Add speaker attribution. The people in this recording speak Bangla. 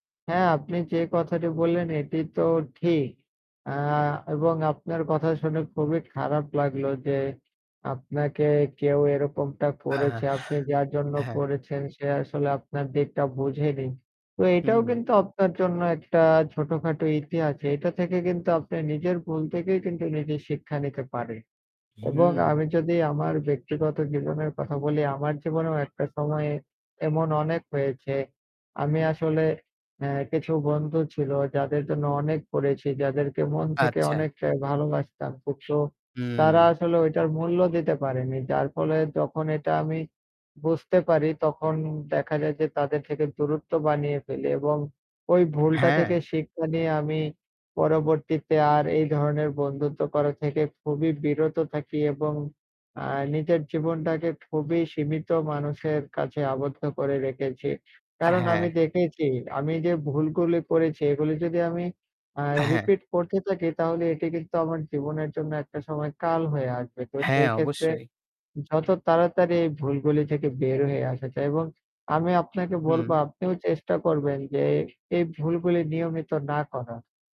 Speaker 1: হ্যাঁ, আপনি যে কথাটি বললেন এটি তো ঠিক। আ এবং আপনার কথা শুনে খুবই খারাপ লাগলো যে আপনাকে কেউ এরকমটা
Speaker 2: হ্যাঁ,
Speaker 1: করেছে, আপনি যার জন্য
Speaker 2: হ্যাঁ।
Speaker 1: করেছেন সে আসলে আপনার দিকটা বুঝে নি। তো এটাও
Speaker 2: হুম।
Speaker 1: কিন্তু আপনার জন্য একটা ছোটখাটো ইতিহাস যে এটা থেকে কিন্তু আপনি নিজের ভুল থেকেই কিন্তু নিজে শিক্ষা নিতে পারে। এবং
Speaker 2: হুম।
Speaker 1: আমি যদি আমার ব্যক্তিগত জীবনের কথা বলি, আমার জীবনেও একটা সময়ে এমন অনেক হয়েছে। আমি আসলে এ কিছু বন্ধু ছিল যাদের জন্য অনেক করেছি, যাদেরকে মন থেকে
Speaker 2: আচ্ছা।
Speaker 1: অনেকটাই ভালোবাসতাম। কিন্তু তারা
Speaker 2: হুম।
Speaker 1: আসলে ওইটার মূল্য দিতে পারেনি। যার ফলে যখন এটা আমি বুঝতে পারি তখন দেখা যায় যে তাদের থেকে দূরত্ব বানিয়ে ফেলি এবং ওই ভুলটা থেকে
Speaker 2: হ্যাঁ।
Speaker 1: শিক্ষা নিয়ে আমি পরবর্তীতে আর এই ধরনের বন্ধুত্ব করা থেকে খুবই বিরত থাকি এবং আ নিজের জীবনটাকে খুবই সীমিত মানুষের কাছে আবদ্ধ করে রেখেছি। কারণ আমি
Speaker 2: হ্যাঁ।
Speaker 1: দেখেছি আমি যে ভুলগুলো করেছি এগুলো যদি আমি আ
Speaker 2: হ্যাঁ।
Speaker 1: রিপিট করতে থাকি তাহলে এটি কিন্তু আমার জীবনের জন্য একটা সময় কাল হয়ে আসবে। তো
Speaker 2: হ্যাঁ,
Speaker 1: সেই ক্ষেত্রে
Speaker 2: অবশ্যই।
Speaker 1: যত তাড়াতাড়ি এই ভুলগুলি থেকে বের হয়ে আসা যায়। এবং আমি আপনাকে
Speaker 2: হুম।
Speaker 1: বলবো আপনিও চেষ্টা করবেন যে এই ভুলগুলি নিয়মিত না করার।